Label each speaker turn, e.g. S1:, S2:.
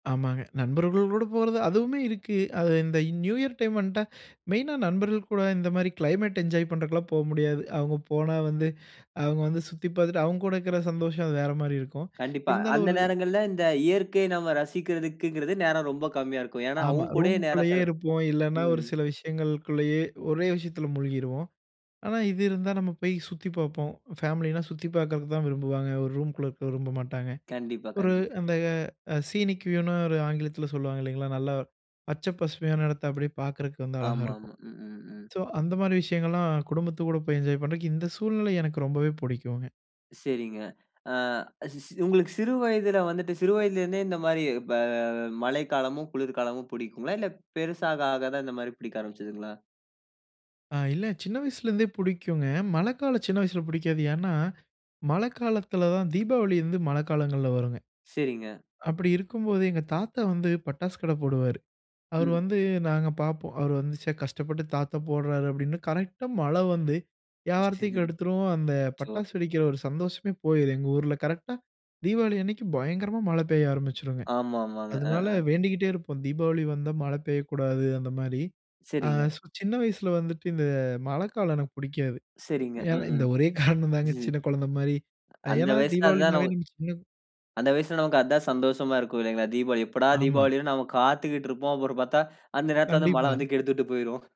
S1: ஆமாங்க. நண்பர்கள்கூட போறது, அதுவுமே இருக்கு. அது இந்த நியூ இயர் டைம் வந்துட்டா, மெயினா நண்பர்கள் கூட இந்த மாரி கிளைமேட் என்ஜாய் பண்ணுறதுக்குலாம் போக முடியாது. அவுங்க போனா வந்து, அவுங்க வந்து சுத்தி பார்த்துட்டு, அவுங்க கூட இருக்கிற சந்தோஷம். அது வேறு மாரி இருக்கும்.
S2: கண்டிப்பா.
S1: இருந்தாலும்
S2: அந்த
S1: ஒரு
S2: நேரங்கள்ல இந்த இயற்கை நம்ம ரசிக்கிறதுக்குங்கிறது நேரம் ரொம்ப கம்மியா இருக்கும். ஏன்னா,
S1: ஆமா.
S2: அவங்க கூடயே நேரம்
S1: ரூமுக்குள்ளயே
S2: செல்
S1: இருப்போம். இல்லைன்னா, ஒரு
S2: ம்.
S1: சில விஷயங்களுக்குள்ளயே, ஒரே விஷயத்தில மூழ்கிருவோம். ஆனா, இது இருந்தா, நம்ம போய் சுத்திப் பார்ப்போம். ஃபேமிலினா சுத்தி பார்க்கறதுக்கு தான் விரும்புவாங்க. ஒரு ரூம்க்குள்ள இருக்க விரும்ப மாட்டாங்க.
S2: கண்டிப்பா,
S1: ஒரு
S2: கண்டிப்
S1: அந்த சீனிக் வியூனு ஒரு ஆங்கிலத்தில சொல்லுவாங்க. இல்லைங்களா, நல்லா பச்சை, பசுமையான இடத்தை அப்படியே பார்க்குறக்கு வந்து அழகா இருக்கும்.
S2: ஆமாமா. ம், ம், ம்.
S1: சோ, அந்த மாரி விஷயங்கள்லாம் குடும்பத்துக்கு கூட போய் என்ஜாய் பண்ணுறதுக்கு இந்த சூழ்நிலை எனக்கு ரொம்பவே பிடிக்குங்க.
S2: சரிங்க. ஆ சி சி உங்களுக்கு சிறு வயதில வந்துட்டு சிறு வயதில இருந்தே, இந்த மாதிரி ப மழைக்காலமும், குளிர்காலமும் பிடிக்குங்களா? இல்ல, பெருசாக ஆகதான் இந்த மாரி பிடிக்க ஆரம்பிச்சதுங்களா?
S1: ஆ, இல்ல, சின்ன வயசுல இருந்தே பிடிக்குங்க. மழைக்காலம் சின்ன வயசில பிடிக்காது. ஏன்னா, மழைக்காலத்தில தான் தீபாவளி வந்து மழைக்காலங்கள்ல வரும்ங்க.
S2: சரிங்க.
S1: அப்பிடி இருக்கும்போது, எங்க தாத்தா வந்து பட்டாசு கடை போடுவாரு. அவரு
S2: ம்.
S1: வந்து நாங்க பார்ப்போம். அவரு வந்து "ச்சே, கஷ்டப்பட்டு தாத்தா போடுறாரு" அப்பிடின்னு. கரெக்ட்டா மழை வந்து யாவாரத்தையே கெடுத்துரும். அந்த
S2: ச்சோ!
S1: பட்டாசு வெடிக்கிற ஒரு சந்தோஷமே போயிரும். எங்க ஊர்ல கரெக்ட்டா தீபாவளி அன்னைக்கு பயங்கரமா மழை பெய்ய ஆரம்பிச்சுடுங்க.
S2: ஆமாமாங்க. ஆ,
S1: அதனால
S2: ஆ.
S1: வேண்டிக்கிட்டே இருப்போம். "தீபாவளி வந்தா மழை பெய்யக்கூடாது." அந்தமாரி. ஆ
S2: சரிங்க.
S1: ஸோ, சின்ன வயசுல வந்துட்டு இந்த மழைக்காலம் எனக்கு பிடிக்காது.
S2: சரிங்க.
S1: ஏன்னா,
S2: ம்,
S1: இந்த ஒரே காரணம் தாங்க.
S2: ம்.
S1: சின்ன குழந்தை மாரி,
S2: அந்த
S1: ஏன்னா,
S2: வயசுல அதுதான
S1: தீபாவளினாவே
S2: ஒ
S1: நம்ம சின்ன
S2: அந்த வயசுல, நமக்கு அது தான் சந்தோஷமா இருக்கும். இல்லைங்களா. தீபாவளி. எப்படா
S1: ஆமா.
S2: தீபாவளி வரும்னு நாம காத்துக்கிட்டு இருப்போம். அப்புறம் பார்த்தா, அந்த நேரத்தில வந்து மழை
S1: கண்டிப்பா.
S2: வந்து கெடுத்து விட்டு போய்ரும்.